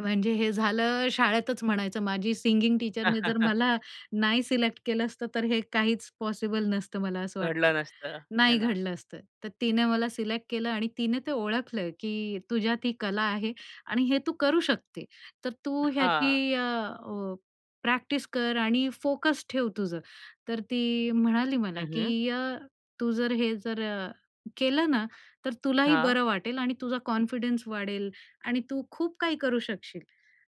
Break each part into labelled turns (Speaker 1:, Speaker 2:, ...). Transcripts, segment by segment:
Speaker 1: म्हणजे हे झालं शाळेतच म्हणायचं, माझ्या सिंगिंग टीचरने जर मला नाही सिलेक्ट केलं असतं तर हे काहीच पॉसिबल नसतं मला असं वाटतं,
Speaker 2: घडलं नसतं. आहे
Speaker 1: नाही
Speaker 2: ना.
Speaker 1: घडलं असतं. तर तिने मला सिलेक्ट केलं आणि तिने ते ओळखलं की, "तुझ्यात ही कला आहे आणि हे तू करू शकते. तर तू
Speaker 2: हां.
Speaker 1: ह्याची अ, अ, प्रॅक्टिस कर आणि फोकस ठेव तुझं." तर ती म्हणाली मला
Speaker 2: हं, हं.
Speaker 1: की, "अ, तू जर हे जर अ, केलं ना? तर तुलाही
Speaker 2: हां.
Speaker 1: बरं वाटेल आणि तुझा कॉन्फिडन्स वाढेल आणि तू खूप काही करू शकशील."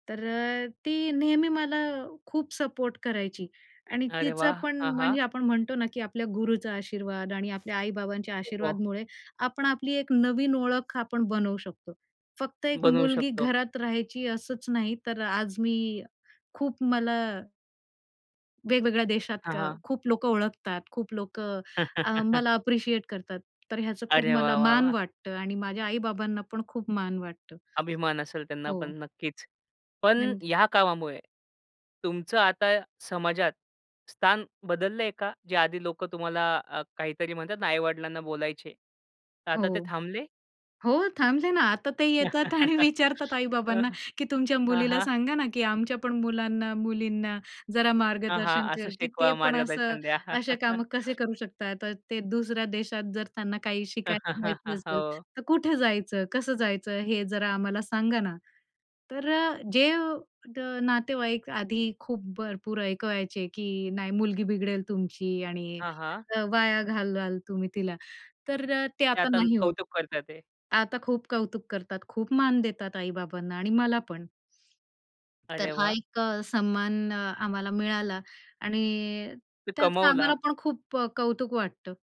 Speaker 1: तर अ, ती नेहमी मला खूप सपोर्ट करायची आणि
Speaker 2: अरे
Speaker 1: तिचं
Speaker 2: वाह!
Speaker 1: पण
Speaker 2: आ हां!
Speaker 1: म्हणजे आपण म्हणतो ना, की आपल्या गुरूचा आशीर्वाद आणि आपल्या आई-बाबांच्या
Speaker 2: [unintelligible]
Speaker 1: आशीर्वादामुळे आपण आपली एक नवीन ओळख आपण बनवू शकतो. फक्त एक
Speaker 2: बनवू
Speaker 1: मुलगी
Speaker 2: शकतो.
Speaker 1: घरात राहायची असंच नाही तर आज मी खूप मला वेगवेगळ्या देशात
Speaker 2: हां,
Speaker 1: का
Speaker 2: हां.
Speaker 1: खूप लोकं ओळखतात, खूप लोकं अ, मला अप्रिशिएट करतात. तर ह्याचं खूप
Speaker 2: अरे वाह!
Speaker 1: मला
Speaker 2: वाह!
Speaker 1: मान
Speaker 2: वाह!
Speaker 1: वाटतं आणि माझ्या आई-बाबांना पण खूप मान वाटतं.
Speaker 2: अभिमान असेल त्यांना
Speaker 1: हो.
Speaker 2: पण नक्कीच. पण
Speaker 1: [unintelligible]
Speaker 2: ह्या कामामुळे, तुमचं आता समाजात स्थान बदललंय का? जे आधी लोकं तुम्हाला अ, काहीतरी म्हणतात आई-वडिलांना बोलायचे.
Speaker 1: हो,
Speaker 2: आता ते थांबले?
Speaker 1: हो, थांबले ना आता. ते येतात आणि विचारतात
Speaker 2: हां,
Speaker 1: आई-बाबांना की तुमच्या मुलीला
Speaker 2: हां.
Speaker 1: सांगा ना, की आमच्या पण मुलांना, मुलींना जरा
Speaker 2: हां,
Speaker 1: मार्गदर्शन
Speaker 2: हां, असं
Speaker 1: कर, की ते
Speaker 2: शिकवा.
Speaker 1: पण असं
Speaker 2: मार्गदर्शन द्या.
Speaker 1: असे काम कसे करू शकतात? अ, ते दुसऱ्या देशात जर त्यांना काही शिकायला जायचं असेल,
Speaker 2: हो.
Speaker 1: तर कुठे जायचं? कसं जायचं? हे जरा आम्हाला सांगा ना? तर अ, जे द नातेवाईक आधी खूप भरपूर ऐकवायचे की, "नाही, मुलगी बिघडेल तुमची आणि
Speaker 2: हां, हां.
Speaker 1: वाया घालवाल तुम्ही तिला," तर अ, ते
Speaker 2: ते
Speaker 1: आता
Speaker 2: आता
Speaker 1: नाही होतं.
Speaker 2: कौतुक करताय ते.
Speaker 1: आता खूप कौतुक करतात, खूप मान देतात आई-बाबांना आणि मला पण. तर
Speaker 2: अरे
Speaker 1: हा
Speaker 2: वाह!
Speaker 1: एक अ, सन्मान आम्हाला मिळाला आणि
Speaker 2: ते
Speaker 1: त्याचं
Speaker 2: कमवला.
Speaker 1: आम्हाला पण खूप अ, कौतुक वाटतं.